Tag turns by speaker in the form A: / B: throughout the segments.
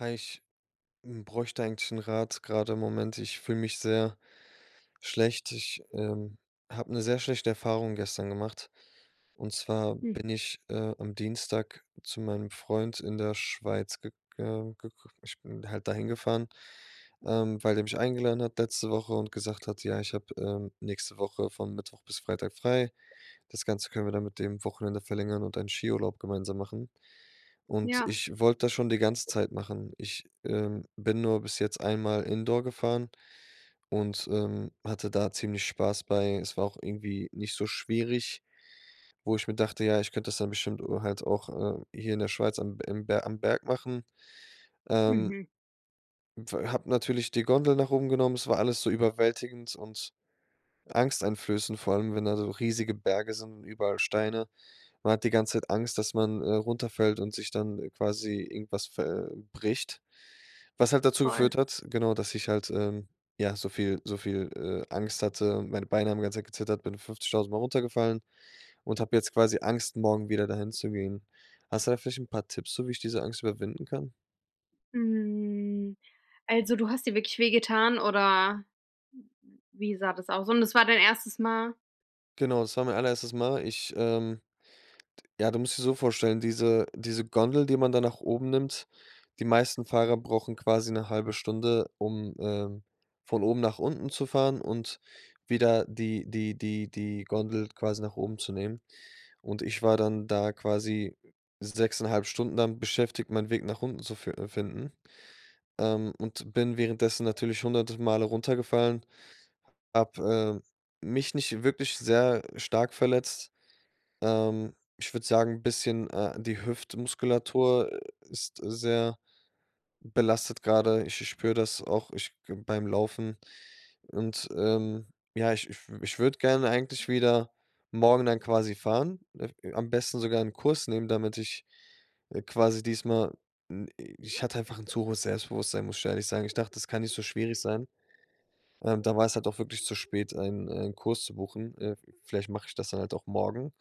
A: Hi, ich, hm, bräuchte eigentlich 'n Rat grade im Moment. Ich fühle mich sehr schlecht. Ich, ähm, habe 'ne sehr schlechte Erfahrung gestern gemacht, und zwar
B: Hm.
A: bin ich, äh, am Dienstag zu meinem Freund in der Schweiz gega gek ich bin halt dahin gefahren, ähm, weil der mich eingeladen hat letzte Woche und gesagt hat: „Ja, ich habe, ähm, nächste Woche von Mittwoch bis Freitag frei. Das Ganze können wir dann mit dem Wochenende verlängern und einen Skiurlaub gemeinsam machen.“ Und
B: Ja.
A: ich wollte das schon die ganze Zeit machen. Ich, ähm, bin nur bis jetzt einmal Indoor gefahren und, ähm, hatte da ziemlich Spaß bei. Es war auch irgendwie nicht so schwierig, wo ich mir dachte, ja, ich könnte das dann bestimmt, äh, halt auch, äh, hier in der Schweiz am im am Berg machen. Ähm
B: Mhm.
A: [unintelligible] Hab natürlich die Gondel nach oben genommen, es war alles so überwältigend und angsteinflößend, vor allem, wenn da so riesige Berge sind und überall Steine. Man hat die ganze Zeit Angst, dass man, äh, runterfällt und sich dann, äh, quasi irgendwas ver äh, bricht, was halt dazu
B: Voll.
A: geführt hat genau, dass ich halt, ähm, ja, so viel so viel, äh, Angst hatte. Meine Beine haben die ganze Zeit gezittert, bin 50.000 Mal runtergefallen und habe jetzt quasi Angst, morgen wieder dahin zu gehen. Hast du da vielleicht 'n paar Tipps so, wie ich diese Angst überwinden kann?
B: Hm, also, du hast dir wirklich wehgetan oder? Wie sah das aus? Und das war dein 1. Mal?
A: Genau, das war mein allererstes Mal. Ich, ähm ja, du musst dich so vorstellen, diese diese Gondel, die man da nach oben nimmt die meisten Fahrer brauchen quasi 1/2 Stunde, um, ähm, von oben nach unten zu fahren und wieder die die die die Gondel quasi nach oben zu nehmen. Und ich war dann da quasi 6,5 Stunden dann beschäftigt, meinen Weg nach unten zu f äh, finden. Ähm, und bin währenddessen natürlich 100 Male runtergefallen, habe, ähm, mich nicht wirklich sehr stark verletzt. Ähm, ich würd sagen, bisschen äh, die Hüftmuskulatur ist sehr belastet grade. Ich ich spüre das auch, ich g beim Laufen. Und, ähm ja, ich ich w ich würde gerne eigentlich wieder morgen dann quasi fahren, [unintelligible] am besten sogar 'n Kurs nehmen, damit ich, äh, quasi diesmal n ich hatte einfach 'n zu hohes Selbstbewusstsein, muss ich ehrlich sagen. Ich dachte, das kann nicht so schwierig sein. Ähm, da war es halt auch wirklich zu spät, einen einen Kurs zu buchen. Äh, v vielleicht mache ich das dann halt auch morgen.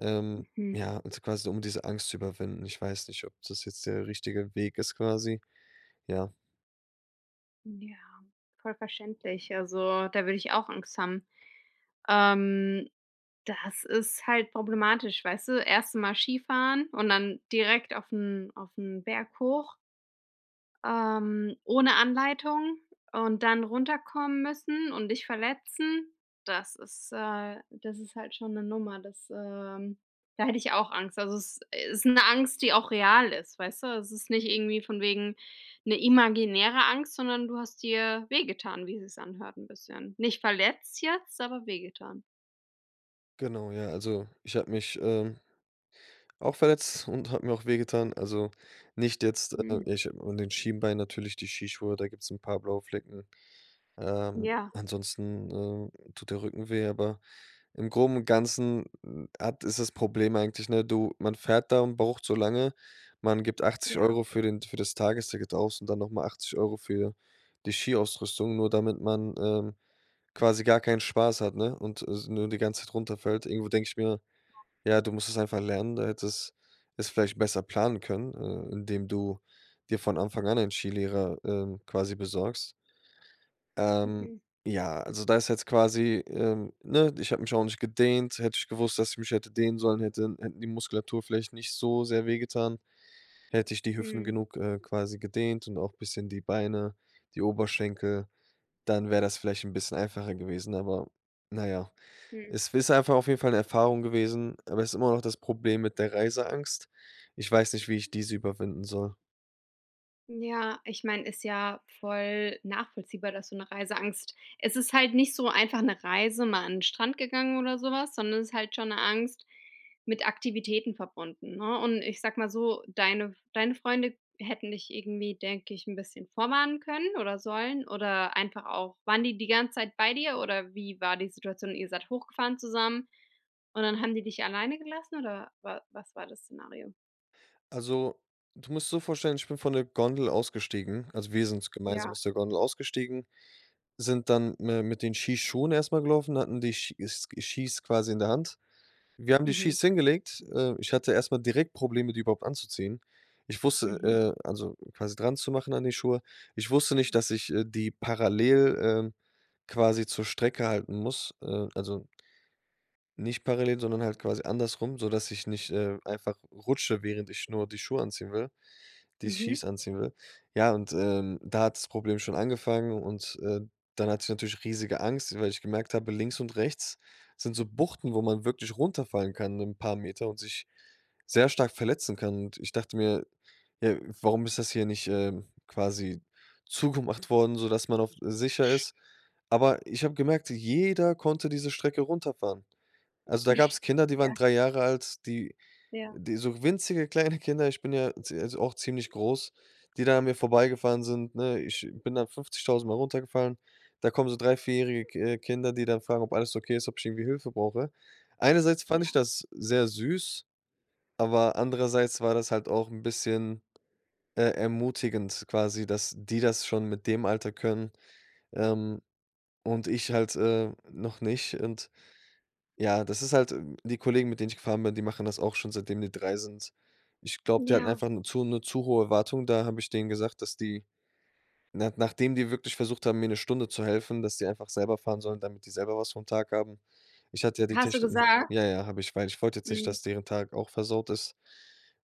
A: Ähm,
B: Mhm.
A: ja, also quasi so um diese Angst zu überwinden. Ich weiß nicht, ob das jetzt der richtige Weg ist quasi, ja.
B: Ja, voll verständlich, also da würde ich auch Angst haben. Ähm, das ist halt problematisch, weißt du, 1. mal Skifahren und dann direkt auf 'n auf 'n Berg hoch. Ähm, ohne Anleitung und dann runterkommen müssen und dich verletzen. Das ist, äh das ist halt schon 'ne Nummer das ähm da hätte ich auch Angst. Also, es ist 'ne Angst, die auch real ist, weißt du? Es ist nicht irgendwie von wegen, 'ne imaginäre Angst, sondern du hast dir wehgetan, wie es sich anhört 'n bisschen. Nicht verletzt jetzt, aber wehgetan.
A: Genau, ja, also ich hab mich, ähm, auch verletzt und hab mir auch wehgetan. Also nicht jetzt äh,
B: Mhm.
A: nicht an den Schienbein, natürlich die Skischuhe, da gibt's 'n paar blaue Flecken. Ähm,
B: Ja.
A: ansonsten, ähm, tut der Rücken weh, aber im Groben und Ganzen hat ist das Problem eigentlich ne, du man fährt da und braucht so lange, man gibt achtzig
B: Ja.
A: Euro für den t für das Tagesticket aus und dann noch mal 80 € für die Skiausrüstung, nur damit man, ähm, quasi gar keinen Spaß hat, ne, und s nur die ganze Zeit runterfällt. Irgendwo denk ich mir: „Ja, du musst es einfach lernen, äh, da hättest es vielleicht besser planen können, äh, indem du dir von Anfang an einen Ski Lehrer, ähm, quasi besorgst.“ Ähm.
B: Mhm.
A: Ja, also, da ist jetzt quasi, ähm, ne, ich hab mich auch nicht gedehnt. Hätte ich gewusst, dass ich mich hätte dehnen sollen hätte hätten die Muskulatur vielleicht nicht so sehr wehgetan. Hätte ich die Hüften
B: Mhm.
A: genug, äh, quasi gedehnt und auch bisschen die Beine, die Oberschenkel, dann wär das vielleicht 'n bisschen einfacher gewesen, aber na ja.
B: Mhm.
A: Es ist einfach auf jeden Fall 'ne Erfahrung gewesen, aber ist immer noch das Problem mit der Reiseangst. Ich weiß nicht, wie ich diese überwinden soll.
B: Ja, ich mein, ist ja voll nachvollziehbar, dass du 'ne Reiseangst es ist halt nicht so einfach 'ne Reise, mal an den Strand gegangen oder sowas, sondern es ist halt schon 'ne Angst mit Aktivitäten verbunden, ne? Und ich sage mal so, deine deine Freunde hätten dich irgendwie, denke ich, 'n bisschen vorwarnen können oder sollen, oder einfach auch waren die die ganze Zeit bei dir, oder wie war die Situation? Ihr seid hochgefahren zusammen, und dann haben die dich alleine gelassen oder wa was war das Szenario?
A: Also, du musst so vorstellen, ich bin von der Gondel ausgestiegen, also wir sind so gemeinsam
B: Ja.
A: aus der Gondel ausgestiegen, sind dann mi mit den Skischuhen erstmal gelaufen, hatten die Schi Ski Skis quasi in der Hand. Wir haben die
B: Mhm.
A: Skis hingelegt. Äh, ich hatte erstmal direkt Probleme, die überhaupt anzuziehen. Ich
B: Mhm.
A: wusste, äh also quasi dranzumachen an die Schuhe Ich wusste nicht, dass ich, äh, die parallel, ähm, quasi zur Strecke halten muss, äh, also nicht parallel, sondern halt quasi andersrum, sodass ich nicht, äh, einfach rutsche, während ich nur die Schuhe anziehen will, die
B: Mhm.
A: Skis anziehen will. Ja, und, ähm, da hat das Problem schon angefangen und, äh, dann hatte ich natürlich riesige Angst, weil ich gemerkt habe, links und rechts sind so Buchten, wo man wirklich runterfallen kann 'nen paar Meter und sich sehr stark verletzen kann. Und ich dachte mir: „Ja, warum ist das hier nicht, ähm, quasi zugemacht worden, sodass man auch sicher ist?“ Aber ich habe gemerkt, jeder konnte diese Strecke runterfahren. Also, da gab's Kinder, die waren
B: Ja.
A: 3 Jahre alt, die
B: Ja.
A: die so winzige kleine Kinder ich bin ja zie also auch ziemlich groß die da an mir vorbeigefahren sind, ne? Ich bin dann 50.000 Mal runtergefallen. Da kommen so 3-, 4- jährige, k äh, Kinder, die dann fragen, ob alles okay ist, ob ich irgendwie Hilfe brauche. Einerseits fand ich
B: Ja.
A: das sehr süß, aber andererseits war das halt auch 'n bisschen, äh, ermutigend quasi, dass die das schon mit dem Alter können, ähm, und ich halt, äh, noch nicht. Und ja, das ist halt die Kollegen, mit denen ich gefahren bin, die machen das auch schon, seitdem die 3 sind. Ich glaube, die hatten
B: Ja.
A: einfach 'ne zu 'ne zu hohe Erwartung, da habe ich denen gesagt, dass die na nachdem die wirklich versucht haben, mir 'ne Stunde zu helfen, dass sie einfach selber fahren sollen, damit die selber was vom Tag haben. Ich hatte ja die
B: Hast du
A: Techniken
B: gesagt?
A: ja, ja, habe ich, weil ich wollte jetzt nicht,
B: Mhm.
A: dass deren Tag auch versaut ist.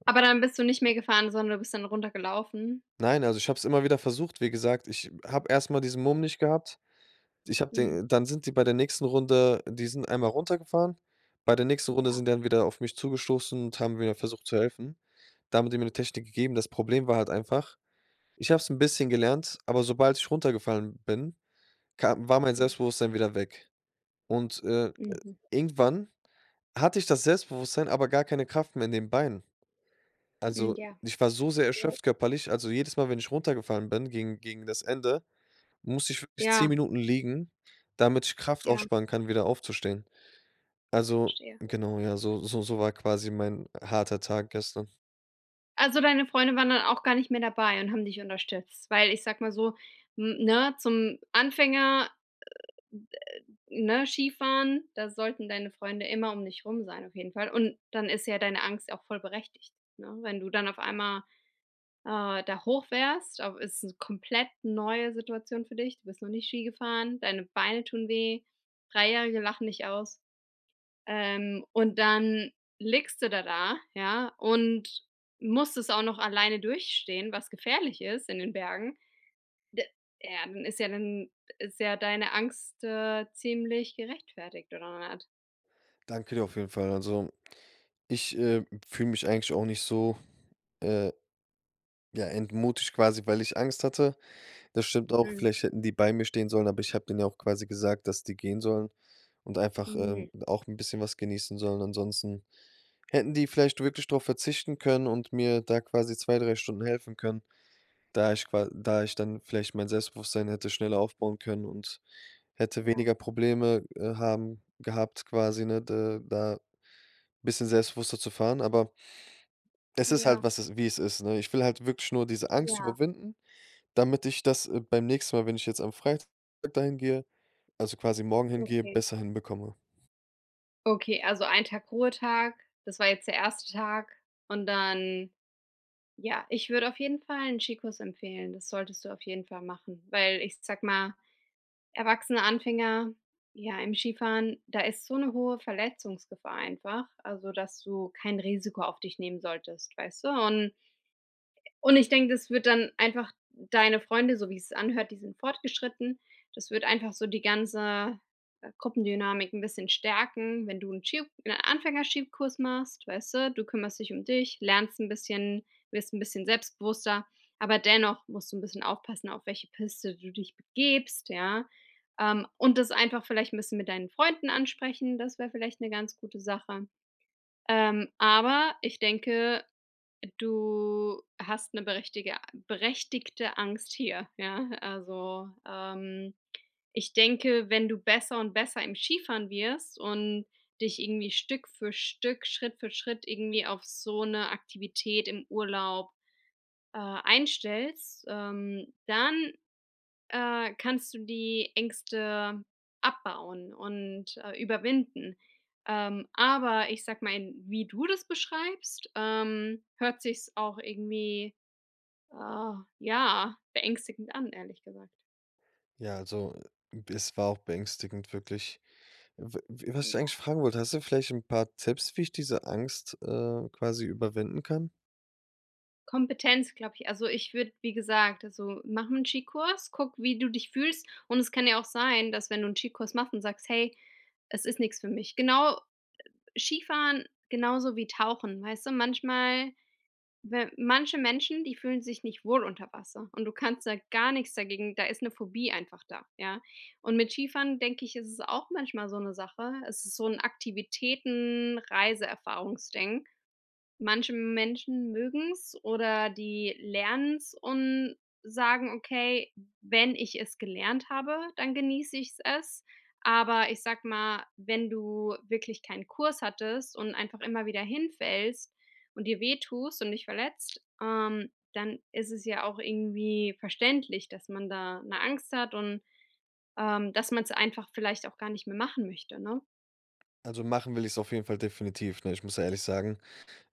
B: Aber dann bist du nicht mehr gefahren, sondern du bist dann runtergelaufen?
A: Nein, also ich habe es immer wieder versucht. Wie gesagt, ich habe erstmal diesen Mumm nicht gehabt. Ich habe
B: Mhm.
A: den dann sind die bei der nächsten Runde die sind einmal runtergefahren. Bei der nächsten Runde
B: Ja.
A: sind die dann wieder auf mich zugestoßen und haben wieder versucht zu helfen. Da haben die mir 'ne Technik gegeben. Das Problem war halt einfach, ich habe es 'n bisschen gelernt, aber sobald ich runtergefallen bin, kam war mein
B: Ja.
A: Selbstbewusstsein wieder weg. Und, äh,
B: Mhm.
A: irgendwann hatte ich das Selbstbewusstsein, aber gar keine Kraft mehr in den Beinen.
B: Mhm,
A: Also,
B: ja.
A: ich war so sehr
B: Ja.
A: erschöpft körperlich, also, jedes Mal, wenn ich runtergefallen bin gegen gegen das Ende, musste ich wirklich 10
B: Ja.
A: Minuten liegen, damit ich Kraft
B: Ja.
A: aufsparen kann, wieder aufzustehen. Also,
B: Verstehe.
A: genau, ja, so so so war quasi mein harter Tag gestern.
B: Also, deine Freunde waren dann auch gar nicht mehr dabei und haben dich unterstützt? Weil ich sage mal so, n 'ne, zum Anfänger, ne, Skifahren, da sollten deine Freunde immer um dich rum sein, auf jeden Fall. Und dann ist ja deine Angst auch voll berechtigt, ne? Wenn du dann auf einmal, äh, da hoch fährst, au ist 'ne komplett neue Situation für dich, du bist noch nie Ski gefahren, deine Beine tun weh, 3- jährige lachen dich aus, ähm, und dann liegst du da da, ja, und musst es auch noch alleine durchstehen, was gefährlich ist in den Bergen. D Ja, dann ist ja dann ist ja deine Angst, äh, ziemlich gerechtfertigt oder nicht?
A: Danke dir auf jeden Fall. Also, ich, äh, fühle mich eigentlich auch nicht so, äh ja, entmutigt quasi, weil ich Angst hatte. Das stimmt auch,
B: Mhm.
A: vielleicht hätten die bei mir stehen sollen, aber ich habe denen ja auch quasi gesagt, dass die gehen sollen und einfach ähm,
B: Mhm.
A: und auch 'n bisschen was genießen sollen. Ansonsten hätten die vielleicht wirklich drauf verzichten können und mir da quasi 2,, 3 Stunden helfen können, da ich qua da ich dann vielleicht mein Selbstbewusstsein hätte schneller aufbauen können und hätte
B: Ja.
A: weniger Probleme, äh, haben gehabt, quasi, ne, de da bisschen selbstbewusster zu fahren. Aber Es ist halt
B: Ja.
A: was es wie es ist, ne? Ich will halt wirklich nur diese Angst
B: Ja.
A: überwinden, damit ich das, äh, beim nächsten Mal, wenn ich jetzt am Freit dahin gehe, also quasi morgen hingehe
B: Okay.
A: besser hinbekomme.
B: Okay, also ein Tag Ruhetag, das war jetzt der erste Tag und dann ja, ich würde auf jeden Fall 'n Skikurs empfehlen. Das solltest du auf jeden Fall machen weil ich sag mal, erwachsene Anfänger, ja im Skifahren, da ist so 'ne hohe Verletzungsgefahr einfach also dass du kein Risiko auf dich nehmen solltest, weißte. Und und ich denk, das wird dann einfach deine Freunde so wie es anhört die sind fortgeschritten. Das wird einfach so die ganze, äh, Gruppendynamik 'n bisschen stärken, wenn du 'n Ski 'n Anfänger Skikurs machst, weißte? Du kümmerst dich dich, lernst 'n bisschen, wirst 'n bisschen selbstbewusster, aber dennoch musst du 'n bisschen aufpassen, auf welche Piste du dich begibst, ja. Ähm, und das einfach vielleicht ein bisschen mit deinen Freunden ansprechen, das wäre vielleicht 'ne ganz gute Sache. Ähm, aber ich denke, du hast 'ne berechtige a berechtigte Angst hier. Ja, also, ähm ich denke, wenn du besser und besser im Skifahren wirst und dich irgendwie Stück für Stück, Schritt für Schritt irgendwie auf so 'ne Aktivität im Urlaub, äh, einstellst, ähm, dann, äh, kannst du die Ängste abbauen und, äh, überwinden. Ähm, aber ich sag mal, in wie du das beschreibst, ähm, hörts sich's auch irgendwie, äh, ja, beängstigend an, ehrlich gesagt.
A: Ja, also es war auch beängstigend wirklich. W was ich dich
B: Ja.
A: eigentlich fragen wollte, hast du vielleicht 'n paar Tipps, wie ich diese Angst, äh, quasi überwinden kann?
B: Kompetenz, glaube ich. Also, ich würde, wie gesagt also, mach 'n Ski-Kurs, guck, wie du dich fühlst und es kann ja auch sein, dass wenn du einen Ski-Kurs machst und sagst: „Hey, es ist nix für mich.“ Genau Skifahren genauso wie tauchen, weißt du? Manchmal, we manche Menschen, die fühlen sich nicht wohl unter Wasser und du kannst ja gar nichts dagegen da ist 'ne Phobie einfach da, ja? Und mit Skifahren denke ich, ist es auch manchmal so 'ne Sache. Es ist so 'n Aktivitäten-Reiseerfahrungs-Ding. Manche Menschen mögen's oder die lernen es und sagen: „Okay, wenn ich es gelernt habe, dann genieße ich's es.“ Aber ich sag mal, wenn du wirklich keinen Kurs hattest und einfach immer wieder hinfällst und dir wehtust und dich verletzt, ähm, dann ist es ja auch irgendwie verständlich, dass man da 'ne Angst hat und, ähm, dass man's einfach vielleicht auch gar nicht mehr machen möchte, ne?
A: Also, machen will ich's auf jeden Fall definitiv, ne? Ich muss ja ehrlich sagen,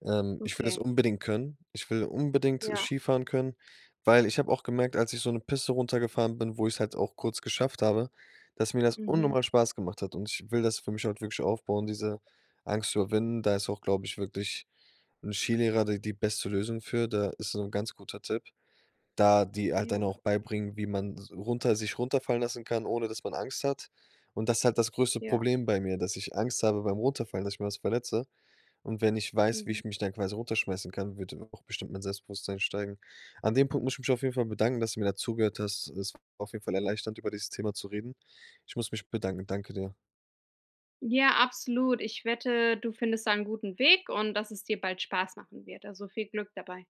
A: ähm, ich will das
B: Okay.
A: unbedingt können. Ich will unbedingt
B: Ja.
A: Skifahren können, weil ich hab auch gemerkt, als ich so 'ne Piste runtergefahren bin, wo ich's halt auch kurz geschafft habe, dass mir das
B: Mhm.
A: unnormal Spaß gemacht hat. Und ich will das für mich halt wirklich aufbauen, diese Angst überwinden. Da ist auch, glaub ich, wirklich 'n Skilehrer de die beste Lösung für, da ist so 'n ganz guter Tipp, da die halt
B: Ja.
A: dann auch beibringen, wie man s runter sich runterfallen lassen kann, ohne dass man Angst hat. Und das ist halt das größte
B: Ja.
A: Problem bei mir, dass ich Angst habe beim runterfallen, dass ich mir was verletze. Und wenn ich weiß, wie
B: Mhm.
A: ich mich dann quasi runterschmeißen kann, wird dann auch bestimmt mein Selbstbewusstsein steigen. An dem Punkt muss ich mich auf jeden Fall bedanken, dass du mir dazugehört hast. Es war auf jeden Fall erleichternd, über dieses Thema zu reden. Ich muss mich bedanken. Danke dir.
B: Ja, absolut, ich wette, du findest da 'n guten Weg und dass es dir bald Spaß machen wird, also viel Glück dabei.